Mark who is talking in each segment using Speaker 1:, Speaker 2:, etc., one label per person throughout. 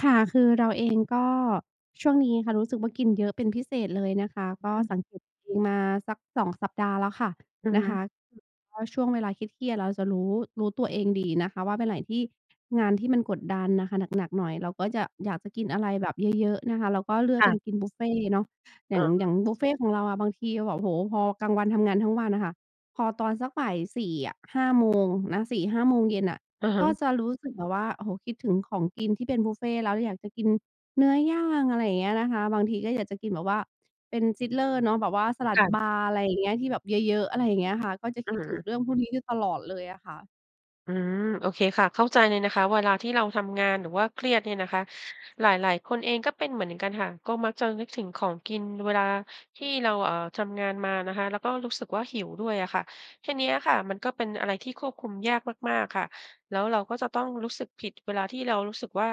Speaker 1: ค่ะ คือเราเอง ก็ ช่วงนี้ค่ะรู้สึกว่ากินเยอะเป็นพิเศษเลยนะคะ ก็
Speaker 2: ค่
Speaker 1: ส
Speaker 2: ะ
Speaker 1: ังเกตตัวเองมาสัก 2 สัปดาห์แล้วค่ะ
Speaker 2: อะ
Speaker 1: น
Speaker 2: ฮ
Speaker 1: ะค
Speaker 2: ะ
Speaker 1: ะ คือเพราะช่วงเวลาเครียด ๆ เราจะรู้ รู้ตัวเองดีนะคะว่า วันไหนที่ งานที่มันกดดันน่ะค่ะ หนัก ๆ หน่อย เราก็จะอยากจะกินอะไรแบบ เยอะ ๆ นะคะ เราก็เลือ
Speaker 2: ค
Speaker 1: ก
Speaker 2: ่
Speaker 1: เป็
Speaker 2: ะ
Speaker 1: นกินบุฟเฟต์เนาะ อย
Speaker 2: อ
Speaker 1: ่
Speaker 2: ๋
Speaker 1: าง อ
Speaker 2: อ
Speaker 1: ย่างบุฟเฟต์ของเราอะ บางทีเราแบบ โอ้โฮ พอกลางวันทำงานทั้งวันน่ะค่ะ พอตอนสักบ่าย 4 อะ 5 โมงนะ 4-5 โมงเย็นน่ะ
Speaker 2: อะฮ
Speaker 1: ก็
Speaker 2: ะ
Speaker 1: จะรู้สึกแบบว่า "โอ้โฮ คิดถึงของกินที่เป็นบุฟเฟต์แล้ว อยากจะกินเนื้อย่าง" อะไรอย่างเงี้ยนะคะ บางทีก็อยากจะกินแบบว่าเป็น Sizzler เนาะ แบบว่าสลั
Speaker 2: ค
Speaker 1: ด
Speaker 2: ่ะ
Speaker 1: บาร์ อะไรอย่างเงี้ย ที่แบบเยอะ ๆ อะไรอย่างเงี้ยค่ะ ก็จะ
Speaker 2: อื
Speaker 1: คิ
Speaker 2: อ
Speaker 1: ด
Speaker 2: ฮ
Speaker 1: ถึง
Speaker 2: ึ
Speaker 1: เรื่องพวกนี้อยู่ตลอดเลยอะค่ะ
Speaker 2: อืม โอเคค่ะ เข้าใจเลยนะคะ เวลาที่เราทำงานหรือว่าเครียดเนี่ยนะคะ หลาย ๆ คนเองก็เป็นเหมือนกันค่ะ ก็มักจะนึกถึงของกินเวลาที่เรา เอ่อ ทำงานมานะคะ แล้วก็รู้สึกว่าหิวด้วยอะค่ะ ทีเนี้ยค่ะ มันก็เป็นอะไรที่ควบคุมยากมาก ๆ ค่ะ แล้วเราก็จะต้องรู้สึกผิดเวลาที่เรารู้สึกว่า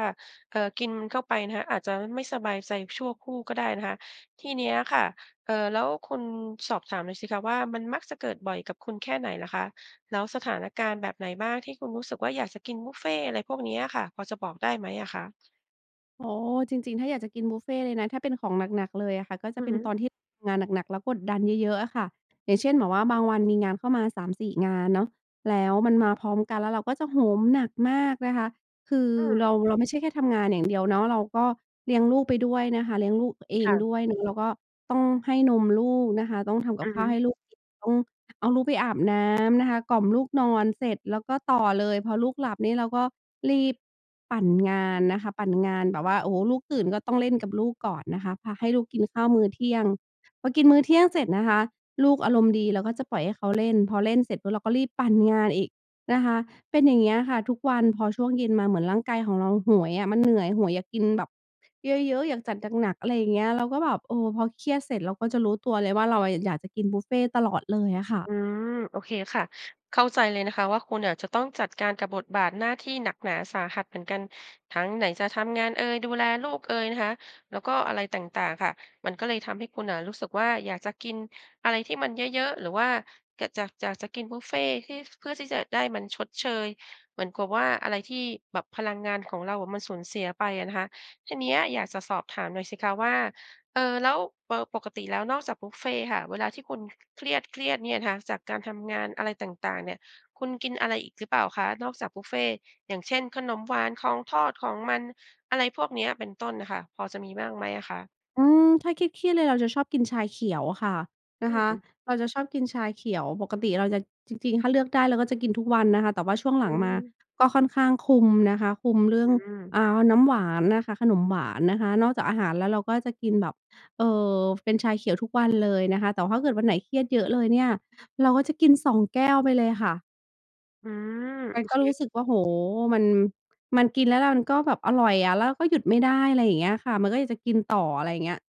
Speaker 2: เออ กินมันเข้าไปนะคะ อาจจะไม่สบายใจชั่วครู่ก็ได้นะคะ ที่เนี้ยค่ะ เอ่อ แล้วคุณ สอบถามหน่อยสิคะว่า มันมักจะเกิดบ่อยกับคุณแค่ไหนเหรอคะ แล้วสถานการณ์แบบไหนบ้างที่คุณรู้สึกว่า "อยากจะกินบุฟเฟต์" อะไรพวกนี้อะค่ะ พอจะบอกได้ไหมอะคะ?
Speaker 1: โอ้ จริง ๆ ถ้าอยากจะกินบุฟเฟต์เลยนะ ถ้าเป็นของหนัก ๆ เลยอะค่ะ ก็จ
Speaker 2: อ
Speaker 1: ะ
Speaker 2: ื
Speaker 1: เ
Speaker 2: อ
Speaker 1: ป็
Speaker 2: ฮ
Speaker 1: นต
Speaker 2: ึ
Speaker 1: อนที่เราทำงานหนัก ๆ แล้วกดดันเยอะ ๆ อะค่ะ อย่างเช่น แบบว่าบางวันมีงานเข้ามา 3-4 งานเนาะ แล้
Speaker 2: อือ
Speaker 1: ว
Speaker 2: ฮึ
Speaker 1: มันมาพร้อมกัน แล้วเราก็จะโหมหนักมากนะคะ คือ
Speaker 2: อื
Speaker 1: เร
Speaker 2: ม
Speaker 1: า เราไม่ใช่แค่ทำงานอย่างเดียวเนาะ เราก็เลี้ยงลูกไปด้วยนะคะ เลี้ยงลูกเอ
Speaker 2: ค
Speaker 1: ง
Speaker 2: ่ะ
Speaker 1: ด้วยเนาะ แล้วก็ต้องให้นมลูกนะคะ ต้องทำก
Speaker 2: อ
Speaker 1: ั
Speaker 2: ื
Speaker 1: บ
Speaker 2: อ
Speaker 1: ข
Speaker 2: ฮ
Speaker 1: ้าว
Speaker 2: ึ
Speaker 1: ให้ลูกกิน ต้อง เอาลูกไปอาบน้ำนะคะ กล่อมลูกนอน เสร็จแล้วก็ต่อเลย พอลูกหลับนี่เราก็รีบปั่นงานนะคะ ปั่นงานแบบว่า โอ้โฮ ลูกตื่นก็ต้องเล่นกับลูกก่อนนะคะ พาให้ลูกกินข้าวมื้อเที่ยง พอกินมื้อเที่ยงเสร็จนะคะ ลูกอารมณ์ดีเราก็จะปล่อยให้เขาเล่น พอเล่นเสร็จปุ๊บเราก็รีบปั่นงานอีกนะคะ เป็นอย่างเงี้ยค่ะทุกวัน พอช่วงเย็นมาเหมือนร่างกายของเราโหยอะ มันเหนื่อย โหยอยากกินแบบเยอะ ๆ อยากจัดหนัก ๆ อะไรอย่างเงี้ย เราก็แบบ เออ พอเครียดเสร็จเราก็จะรู้ตัวเลยว่าเราอะอยากจะกินบุฟเฟต์ตลอดเลยอะค่ะ
Speaker 2: อืม โอเคค่ะ เข้าใจเลยนะคะว่าคุณอะจะต้องจัดการกับบทบาทหน้าที่หนักหนาสาหัสเหมือนกัน ทั้งไหนจะทำงานเอย ดูแลลูกเอยนะคะ แล้วก็อะไรต่าง ๆ ค่ะ มันก็เลยทำให้คุณน่ะรู้สึกว่าอยากจะกินอะไรที่มันเยอะ ๆ หรือว่า ก จาก อยากจะกินบุฟเฟต์ที่ เพื่อที่จะได้มันชดเชย เหมือนกับว่าอะไรที่แบบพลังงานของเรามันสูญเสียไปอะนะคะ ทีเนี้ยอยากจะสอบถามหน่อยสิคะว่า เออ แล้ว เออ ปกติแล้วนอกจากบุฟเฟต์ค่ะ เวลาที่คุณเครียด ๆ เนี่ยนะคะ จากการทำงานอะไรต่าง ๆ เนี่ย คุณกินอะไรอีกหรือเปล่าคะ นอกจากบุฟเฟต์ อย่างเช่น ขนมหวาน ของทอด ของมัน อะไรพวกเนี้ย เป็นต้น น่ะค่ะ พอจะมีบ้างไหมอะคะ?
Speaker 1: อืม ถ้าเครียด ๆ เลยเราจะชอบกินชาเขียวอะค่ะ น
Speaker 2: อ
Speaker 1: ะคะ
Speaker 2: ืม
Speaker 1: เราจะชอบกินชาเขียว ปกติเราจะ จริง ๆ ถ้าเลือกได้เราก็จะกินทุกวันนะคะ แต่ว่าช่วงหล
Speaker 2: อ
Speaker 1: ั
Speaker 2: ื
Speaker 1: งมา
Speaker 2: ม
Speaker 1: ก็ค่อนข้างคุมนะคะ คุมเรื่
Speaker 2: อ
Speaker 1: อ
Speaker 2: ื
Speaker 1: ง
Speaker 2: ม
Speaker 1: อ่า น้ำหวานนะคะ ขนมหวานนะคะ นอกจากอาหารแล้วเราก็จะกินแบบ เออ เป็นชาเขียวทุกวัน เลยนะคะ แต่ถ้าเกิดวันไหนเครียดเยอะเลยเนี่ยเราก็จะกิน 2 แก้วไปเลยค่ะ
Speaker 2: อืม
Speaker 1: มั
Speaker 2: โอ
Speaker 1: นก
Speaker 2: เ
Speaker 1: ็
Speaker 2: ค
Speaker 1: รู้สึกว่า โอ้โฮ มัน มันกินแล้วมันก็แบบอร่อยอะ แล้วก็หยุดไม่ได้ อะไรอย่างเงี้ยค่ะ มันก็อยากจะกินต่อ อะไรอย่างเงี้ย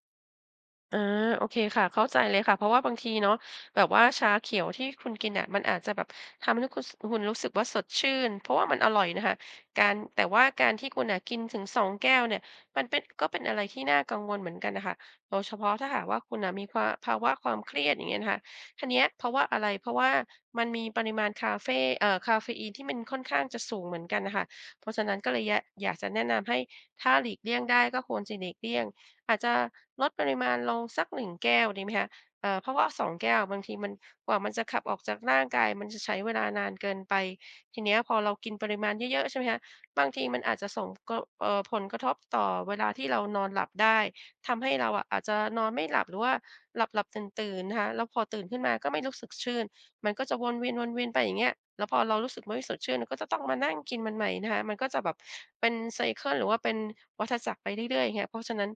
Speaker 2: อา โอเคค่ะ เข้าใจเลยค่ะ เพราะว่าบางทีเนาะ แบบว่าชาเขียวที่คุณกินน่ะมันอาจจะแบบทำให้คุณ ส คุณรู้สึกว่าสดชื่น เพราะว่ามันอร่อยนะคะ การ แต่ว่าการที่คุณน่ะกินถึง 2 แก้วเนี่ย มันเป็น ก็เป็นอะไรที่น่ากังวลเหมือนกันน่ะค่ะ โดยเฉพาะถ้าหากว่าคุณน่ะมีความ ภาวะความเครียด อย่างเงี้ยนะคะ ทีเนี้ย เพราะว่าอะไร เพราะว่ามันมีปริมาณคาเฟ เอ่อ กาเฟอีนที่มันค่อนข้างจะสูงเหมือนกันน่ะค่ะ เพราะฉะนั้นก็เลย ย อยากกจะแนะนำให้ ถ้าหลีกเลี่ยงได้ก็ควรจะหลีกเลี่ยง อาจจะลดปริมาณลงสัก 1 แก้วดีไหมคะ เอ่อ เพราะว่า 2 แก้วอะบางทีมัน กว่ามันจะขับออกจากร่างกายมันจะใช้เวลานานเกินไป ทีเนี้ยพอเรากินปริมาณเยอะ ๆ ใช่ไหมคะ บางทีมันอาจจะส่ง ก เอ่อ ผลกระทบต่อเวลาที่เรานอนหลับได้ ทำให้เราอะอาจจะนอนไม่หลับ หรือว่าหลับ ๆ ตื่น ๆ นะคะ แล้วพอตื่นขึ้นมาก็ไม่รู้สึกชื่น มันก็จะวนเวียน ๆ ไปอย่างเงี้ย แล้วพอเรารู้สึกว่าไม่สดชื่นก็จะต้องมานั่งกินมันใหม่นะคะ มันก็จะแบบเป็น ไซเกิล หรือว่าเป็นวัฏจักรไปเรื่อย ๆ อย่างเงี้ย เพราะฉะนั้น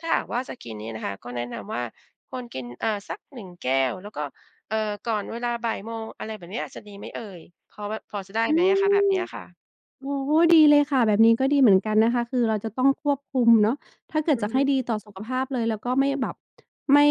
Speaker 2: ถ้าหากว่าจะกินนี่นะคะ ก็แนะนำว่าควรกิน อ่า สัก 1 แก้ว แล้วก็ เอ่อ ก่อนเวลา 13:00 อะไรแบบเนี้ยจะดีไหมเอ่ย พอแบบ พอจะได้
Speaker 1: อื
Speaker 2: ไหมอะคะ แบบ
Speaker 1: ม
Speaker 2: เนี้ยอะค่ะ?
Speaker 1: โอ้โฮ ดีเลยค่ะ แบบนี้ก็ดีเหมือนกันนะคะ คือเราจะต้องควบคุมเนาะ ถ้าเกิ
Speaker 2: อ
Speaker 1: ด
Speaker 2: ื
Speaker 1: จ
Speaker 2: อ
Speaker 1: ะใ
Speaker 2: ฮ
Speaker 1: ห
Speaker 2: ึ
Speaker 1: ้ดีต่อสุขภาพเลยแล้วก็ไม่แบบ ไม่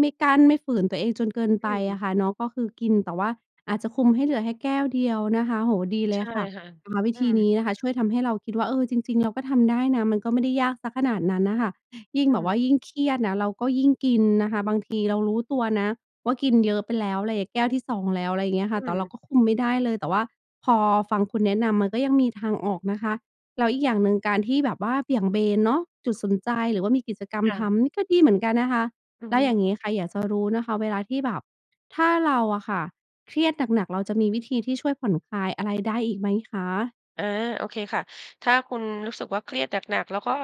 Speaker 1: ไม่กั้น ไม่ฝืนตัวเองจนเกิน
Speaker 2: อ
Speaker 1: ไป
Speaker 2: ื
Speaker 1: อ
Speaker 2: ม
Speaker 1: ะค่ะเนาะ ก็คือกิน แต่ว่าอาจจะคุมให้เหลือแค่แก้วเดียวนะคะ โอ้โฮ ดีเ
Speaker 2: ใ
Speaker 1: ล
Speaker 2: ช
Speaker 1: ย
Speaker 2: ่
Speaker 1: ค่ะ
Speaker 2: ค่ะ
Speaker 1: นะคะ วิ
Speaker 2: อื
Speaker 1: ธี
Speaker 2: ม
Speaker 1: นี้นะคะช่วยทำให้เราคิดว่า เออ จริง ๆ เราก็ทำได้นะ มันก็ไม่ได้ยากสักขนาดนั้นน่ะค่ะ ยิ่ง
Speaker 2: อื
Speaker 1: แบบว
Speaker 2: อ
Speaker 1: ่ายิ่งเครียดนะ เราก็ยิ่งกินนะคะ บาง ทีเรารู้ตัวนะว่ากินเยอะไปแล้ว อะไรอะ แก้วที่ 2 แล้ว อะไรอย่างเงี้ยค่
Speaker 2: อ
Speaker 1: ะ
Speaker 2: ื
Speaker 1: แต่เ
Speaker 2: ม
Speaker 1: ราก็คุมไม่ได้เลย แต่ว่าพอฟังคุณแนะนำมันก็ยังมีทางออกนะคะ แล้วอีกอย่างหนึ่งการที่แบบว่าเบี่ยงเบนเนาะจุดสนใจ หรือว่ามีกิจกรรม
Speaker 2: ค่
Speaker 1: ท
Speaker 2: ะ
Speaker 1: ำนี่ก็ดีเหมือนกันนะคะ
Speaker 2: อือ
Speaker 1: แล้
Speaker 2: ฮ
Speaker 1: วอย่
Speaker 2: ึ
Speaker 1: างงี้ค่ะ อยากจะรู้นะคะเวลาที่แบบ ถ้าเราอะค่ะเครียดหนัก ๆ เราจะมีวิธีที่ช่วยผ่อนคลายอะไร ได้อีกไหมคะ?
Speaker 2: อา โอเคค่ะ ถ้าคุณรู้สึกว่าเครียดหนัก ๆ แล้วก็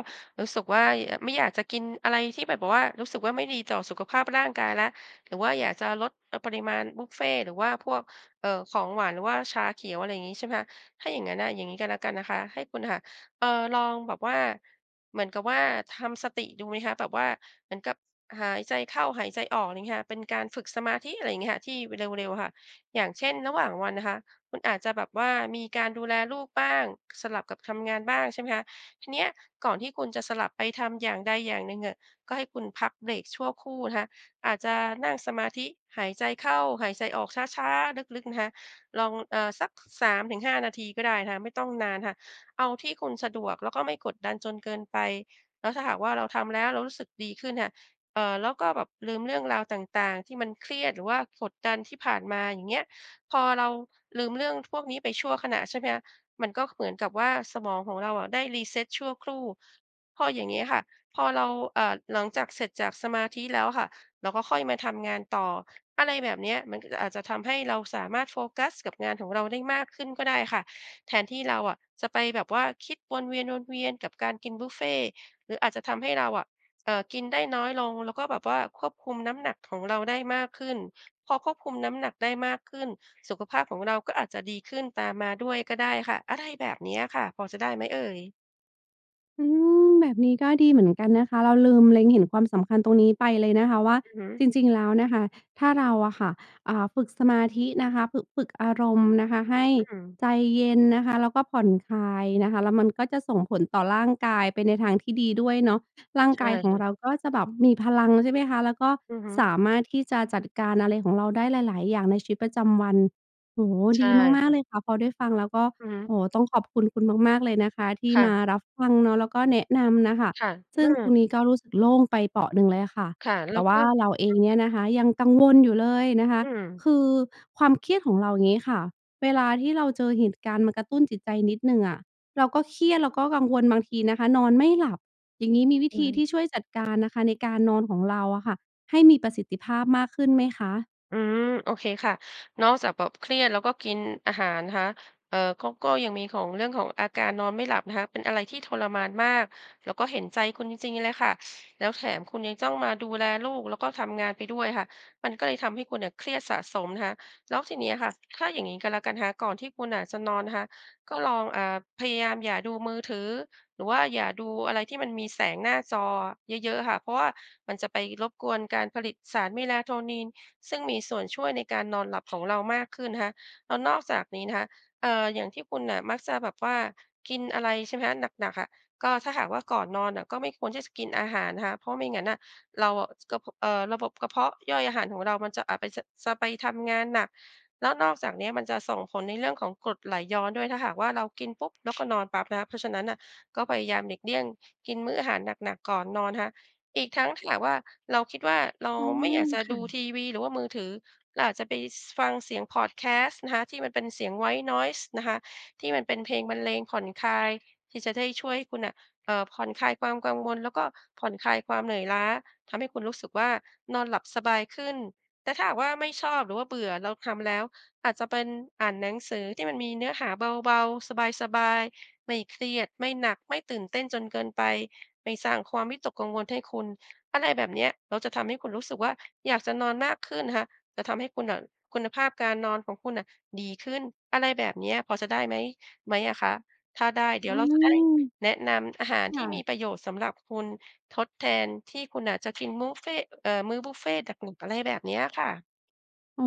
Speaker 2: รู้สึกว่า ย ไม่อยากจะกินอะไรที่มันแบบว่า รู้สึกว่าไม่ดีต่อสุขภาพร่างกายแล้ว หรือว่าอยากจะลด เออ ปริมาณบุฟเฟต์หรือว่าพวก เอ่อ ของหวาน หรือว่าชาเขียว อะไรอย่างงี้ใช่ไหมคะ ถ้าอย่างงั้นน่ะ อย่างงี้ก็แล้วกันนะคะ ให้คุณอะค่ะ เอ่อ ลองแบบว่า เหมือนกับว่าทำสติดูไหมคะ แบบว่าเหมือนกับหายใจเข้าหายใจออก อะไรอย่างเงี้ยค่ะ เป็นการฝึกสมาธิ อะไรอย่างเงี้ยค่ะ ที่เร็ว ๆ ค่ะ อย่างเช่น ระหว่างวันนะคะคุณอาจจะแบบว่ามีการดูแลลูกบ้าง สลับกับทำงานบ้างใช่ไหมคะ ทีเนี้ยก่อนที่คุณจะสลับไปทำอย่างใดอย่างหนึ่งอะ ก็ให้คุณพักเบรกชั่วครู่นะคะ อาจจะนั่งสมาธิ หายใจเข้า หายใจออก ช้า ๆ ลึก ๆ นะคะ ลอง เออ สัก 3-5 นาทีก็ได้นะคะ ไม่ต้องนานค่ะ เอาที่คุณสะดวกแล้วก็ไม่กดดันจนเกินไป แล้วถ้าหากว่าเราทำแล้วเรารู้สึกดีขึ้นน่ะค่ะ เอ่อ แล้วก็แบบลืมเรื่องราวต่าง ๆ ที่มันเครียด หรือว่ากดดันที่ผ่านมา อย่างเงี้ย พอเราลืมเรื่องพวกนี้ไปชั่วขณะใช่ไหมคะ มันก็เหมือนกับว่าสมองของเราอะได้ reset ชั่วครู่ พออย่างเงี้ยค่ะ พอเรา อ่า หลังจากเสร็จจากสมาธิแล้วค่ะ เราก็ค่อยมาทำงานต่อ อะไรแบบเนี้ย มันก็จะ อาจจะทำให้เราสามารถโฟกัสกับงานของเราได้มากขึ้นก็ได้ค่ะ แทนที่เราอะจะไปแบบว่าคิดวนเวียน ๆ กับการกินบุฟเฟต์ หรืออาจจะทำให้เราอะ เออ กินได้น้อยลง แล้วก็แบบว่าควบคุมน้ำหนักของเราได้มากขึ้น พอควบคุมน้ำหนักได้มากขึ้น สุขภาพของเราก็อาจจะดีขึ้นตามมาด้วยก็ได้ค่ะ อะไรแบบเนี้ยอะค่ะ พอจะได้ไหมเอ่ย?
Speaker 1: อืม แบบนี้ก็ดีเหมือนกันนะคะ เราลืมเล็งเห็นความสำคัญตรงนี้ไปเลยนะคะ ว่า
Speaker 2: อือฮึ
Speaker 1: จริง ๆ แล้วนะคะ ถ้าเราอะค่ะ อ่า ฝึกสมาธินะคะ ฝึก ฝึกอารมณ์นะคะให้
Speaker 2: อืม
Speaker 1: ใจเย็นนะคะ แล้วก็ผ่อนคลายนะคะ แล้วมันก็จะส่งผลต่อร่างกายไปในทางที่ดีด้วยเนาะ ร่าง
Speaker 2: ใช
Speaker 1: ก
Speaker 2: ่
Speaker 1: ายข
Speaker 2: ค
Speaker 1: อง
Speaker 2: ่ะ
Speaker 1: เราก็จะแบบมีพลัง ใช่ไหมคะ แล้วก็
Speaker 2: อือฮึ
Speaker 1: สามารถที่จะจัดการอะไรของเราได้หลาย ๆ อย่างในชีวิตประจำวัน โอ้โฮ
Speaker 2: ใช
Speaker 1: ด
Speaker 2: ่
Speaker 1: ีม
Speaker 2: ค
Speaker 1: า
Speaker 2: ่
Speaker 1: ก ๆ เล
Speaker 2: ะ
Speaker 1: ยค่ะ พอได้ฟังแล้วก็
Speaker 2: อือฮ
Speaker 1: โ
Speaker 2: ึ
Speaker 1: อ้โฮ ต้องขอบคุณคุณมาก ๆ เลยนะคะที่
Speaker 2: ค่
Speaker 1: ม
Speaker 2: ะ
Speaker 1: ารับฟังเนาะ แล้วก็แนะนำน่ะค่ะ
Speaker 2: ค่ะ อ
Speaker 1: ซ
Speaker 2: ื
Speaker 1: ึ่งตร
Speaker 2: อ
Speaker 1: งนี้ก็รู้สึกโล่งไปเปราะหนึ่งเลยอะค่ะ
Speaker 2: ค่ะ แล
Speaker 1: แ
Speaker 2: ้
Speaker 1: ต่
Speaker 2: ว
Speaker 1: ว
Speaker 2: ก็
Speaker 1: ่าเราเอ
Speaker 2: อื
Speaker 1: ง
Speaker 2: อ
Speaker 1: เนี่ยนะคะยังกังวลอยู่เลยนะคะ
Speaker 2: อืม
Speaker 1: คือความเครียดของเราอย่างงี้ค่ะ เวลาที่เราเจอเหตุการณ์มากระตุ้นจิตใจนิดหนึ่งอะ แล้วก็เครียดเราก็กังวล บางทีนะคะนอนไม่หลับ อย่างนี้มีวิ
Speaker 2: อ
Speaker 1: ธ
Speaker 2: ื
Speaker 1: ี
Speaker 2: ม
Speaker 1: ที่ช่วยจัดการนะคะในการนอนของเราอะค่ะ ให้มีประสิทธิภาพมากขึ้นไหมคะ?
Speaker 2: อืม โอเคค่ะ นอกจากแบบเครียด แล้วก็กินอาหารนะคะ เออ ก็ ก็ยังมีของ เรื่องของอาการนอนไม่หลับนะคะ เป็นอะไรที่ทรมานมาก แล้วก็เห็นใจคุณจริง ๆ เลยค่ะ แล้วแถมคุณยังต้องมาดูแลลูก แล้วก็ทำงานไปด้วยค่ะ มันก็เลยทำให้คุณน่ะเครียดสะสมนะคะ แล้วทีนี้อะค่ะ ถ้าอย่างนี้ก็แล้วกันนะคะ ก่อนที่คุณน่ะจะนอนนะคะ ก็ลอง อ่า พยายามอย่าดูมือถือ หรือว่าอย่าดูอะไรที่มันมีแสงหน้าจออะเยอะ ๆ ค่ะ เพราะว่ามันจะไปรบกวนการผลิตสาร melatonin ซึ่งมีส่วนช่วยในการนอนหลับของ เรามากขึ้นนะคะ แล้วนอกจากนี้นะคะ เอ่อ อย่างที่คุณน่ะมักจะแบบว่ากินอะไรใช่ไหมคะ หนัก ๆ อะ ก็ถ้าหากว่าก่อนนอนน่ะก็ไม่ควรที่จะกินอาหารนะคะ เพราะไม่งั้นน่ะ เราอะ กระ พ เอ่อ ระบบกระเพาะย่อยอาหารของเรามันจะ อาจไปจะ จะไปทำงานหนัก แล้วนอกจากนี้มันจะส่งผลในเรื่องของกรดไหลย้อนด้วย ถ้าหากว่าเรากินปุ๊บ แล้วก็นอนปั๊บนะคะ เพราะฉะนั้นน่ะก็พยายามหลีกเลี่ยงกินมื้ออาหารหนัก ๆ ก่อนนอนนะคะ อีกทั้งถ้าหากว่าเราคิดว่าเรา
Speaker 1: อื
Speaker 2: ไม่อยาก
Speaker 1: ม
Speaker 2: จะ
Speaker 1: ค
Speaker 2: ด
Speaker 1: ่
Speaker 2: ู
Speaker 1: ะ
Speaker 2: ทีวี หรือว่ามือถือ เราอาจจะไป ส ฟังเสียงพอดแคสต์นะคะ ที่มันเป็นเสียง white noise นะคะ ที่มันเป็นเพลงบรรเลงผ่อนคลาย ที่จะได้ช่วยให้คุณน่ะ เออ ผ่อนคลายความกังวล แล้วก็ผ่อนคลายความเหนื่อยล้า ทำให้คุณรู้สึกว่านอนหลับสบายขึ้น แต่ถ้าหากว่าไม่ชอบหรือว่าเบื่อแล้ว ทำแล้ว อาจจะเป็นอ่านหนังสือที่มันมีเนื้อหาเบา ๆ สบาย ๆ ไม่เครียด ไม่หนัก ไม่ตื่นเต้นจนเกินไป ไม่สร้างความวิตกกังวลให้คุณ อะไรแบบเนี้ย เราจะทำให้คุณรู้สึกว่า อยากจะนอนมากขึ้นนะคะ จะทำให้คุณน่ะคุณภาพการนอนของคุณน่ะดีขึ้น อะไรแบบเนี้ย พอจะได้ไหม ไหมอะคะ? ถ้าได้ เดี๋
Speaker 1: อ
Speaker 2: ย
Speaker 1: ื
Speaker 2: ว เราจะได้
Speaker 1: ม
Speaker 2: แนะนำอาหาร
Speaker 1: ค
Speaker 2: ที
Speaker 1: ่
Speaker 2: ่ม
Speaker 1: ะ
Speaker 2: ีประโยชน์สำหรับคุณ ทดแทนที่คุณน่ะ จะกินมูฟเฟ่ต์ เออ มื้อบุฟเฟต์ตักหมึก อะไรแบบเนี้ยค่ะ
Speaker 1: อ๋อ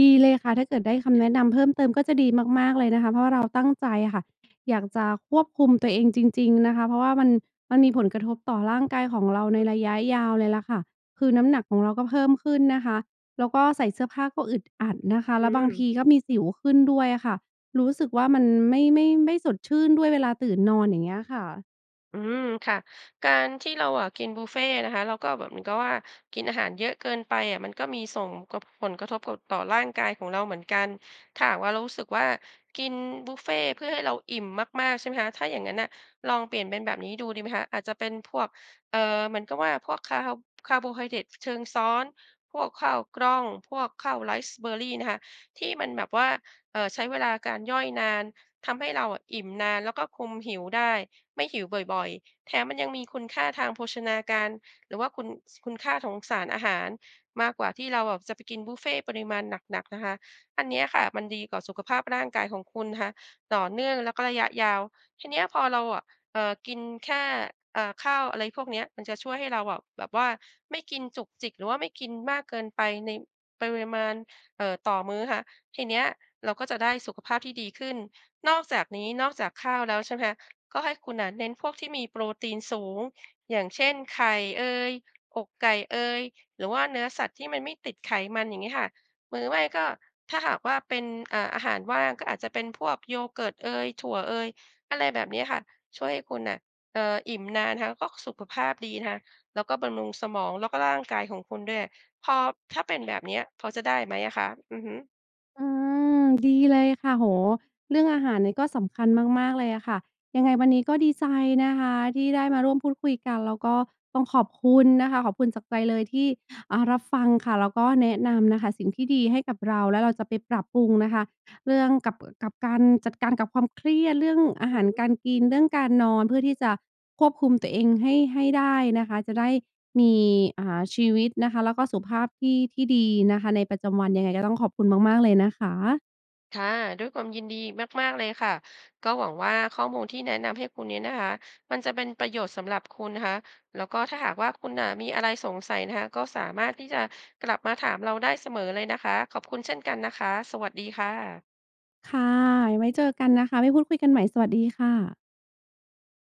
Speaker 1: ดีเลยค่ะ ถ้าเกิดได้คำแนะนำเพิ่มเติมก็จะดีมาก ๆ เลยนะคะ เพราะว่า เราตั้งใจอะค่ะ อยากจะควบคุมตัวเองจริง ๆ นะคะ เพราะว่ามัน มันมีผลกระทบต่อร่างกายของเราใน
Speaker 2: อือ
Speaker 1: ระยะยาวเลยแหละค่ะ คือน้ำหนักของเราก็เพิ่มขึ้นนะคะ แล้วก็ใส่เสื้อผ้าก็อึดอัดนะคะ
Speaker 2: อ
Speaker 1: แ
Speaker 2: ื
Speaker 1: ล้วบางท
Speaker 2: ม
Speaker 1: ีก็มีสิวขึ้นด้วยอะค่ะ รู้สึกว่ามันไม่ ไม่ ไม่สดชื่นด้วยเวลาตื่นนอน อย่างเงี้ยค่ะ
Speaker 2: อืม ค่ะ การที่เราอะกินบุฟเฟต์นะคะ แล้วก็แบบเหมือนกับว่ากินอาหารเยอะเกินไปอะ มันก็มีส่งกบ ผลกระทบกด ต่อร่างกายของเราเหมือนกัน ถ้าหากว่าเรารู้สึกว่ากินบุฟเฟต์เพื่อให้เราอิ่มมาก ๆ ใช่ไหมคะ ถ้าอย่างนั้นน่ะลองเปลี่ยนเป็นแบบนี้ดูดีไหมคะ อาจจะเป็นพวก เอ่อ เหมือนกับว่าพวกคาร์ ฮ คาร์โบไฮเดรต ช-เชิงซ้อน พวกข้าวกล้อง พวกข้าวไรซ์เบอร์รี่นะคะ ที่มันแบบว่า เอ่อ ใช้เวลาการย่อยนาน ทำให้เราอะอิ่มนาน แล้วก็คุมหิวได้ ไม่หิวบ่อย ๆ แถมมันยังมีคุณค่าทางโภชนาการ หรือว่าคุณ ส คุณค่าของ สารอาหาร มากกว่าที่เราอะจะไปกินบุฟเฟต์ปริมาณหนัก ๆ นะคะ อันเนี้ยค่ะมันดีต่อสุขภาพร่างกายของคุณนะคะ ต่อเนื่องแล้วก็ระยะยาว ทีเนี้ยพอเราอะ เอ่อ กินแค่ เอ่อ ข้าวอะไรพวกเนี้ย มันจะช่วยให้เราอะแบบว่าไม่กินจุกจิก หรือว่าไม่กินมากเกินไปในปริมาณ เออ ต่อมื้อนะคะ ทีเนี้ยเราก็จะได้สุขภาพที่ดีขึ้น นอกจากนี้นอกจากข้าวแล้วใช่ไหมคะ ก็ให้คุณน่ะเน้นพวกที่มีโปรตีนสูง อย่างเช่น ไข่เอย อกไก่เอย หรือว่าเนื้อสัตว์ที่มันไม่ติดไขมัน อย่างงี้ค่ะ หรือ ไม่ก็ ถ้าหากว่าเป็น อ่า อาหารว่าง ก็อาจจะเป็นพวก yogurt เอย ถั่วเอย อะไรแบบเนี้ยค่ะ ช่วยให้คุณน่ะ เอ่อ อิ่มนานนะคะ แล้วก็สุขภาพดีนะคะ แล้วก็บำรุงสมอง แล้วก็ ร่างกายของคุณด้วย พอ ถ้าเป็นแบบเนี้ย พอจะได้ไหมอะคะ? อือฮึ
Speaker 1: อืม ดีเลยค่ะ โอ้โฮ เรื่องอาหารเนี่ยก็สำคัญมาก ๆ เลยอะค่ะ ยังไงวันนี้ก็ดีใจนะคะ ที่ได้มาร่วมพูดคุยกัน แล้วก็ต้องขอบคุณนะคะ ขอบคุณจากใจเลยที่ อ่า รับฟังค่ะ แล้วก็แนะนำนะคะสิ่งที่ดีให้กับเรา แล้วเราจะไปปรับปรุงนะคะ เรื่องกับ เอ่อ กับการจัดการกับความเครียด เรื่องอา
Speaker 2: อ
Speaker 1: ห
Speaker 2: ือ
Speaker 1: า
Speaker 2: ฮ
Speaker 1: ร
Speaker 2: ึ
Speaker 1: การกิน เรื่องการนอน เพื่อที่จะควบคุมตัวเองให้ ให้ได้นะคะ จะได้มี อ่า ชีวิตนะคะ แล้วก็สุขภาพที่ ที่ดีนะคะในประจำวัน ยังไงก็ต้องขอบคุณมาก ๆ เลยนะคะ
Speaker 2: ค่ะ ด้วยความยินดีมาก ๆ เลยค่ะ ก็หวังว่าข้อมูลที่แนะนำให้คุณนี้นะคะมันจะเป็นประโยชน์สำหรับคุณนะคะ แล้วก็ถ้าหากว่าคุณน่ะมีอะไรสงสัยนะคะก็สามารถที่จะกลับมาถามเราได้เสมอเลยนะคะ ขอบคุณเช่นกันนะคะ สวัสดีค่ะ
Speaker 1: ค่ะ ไว้เจอกันนะคะ ไว้พูดคุยกันใหม่ สวัสดีค่ะ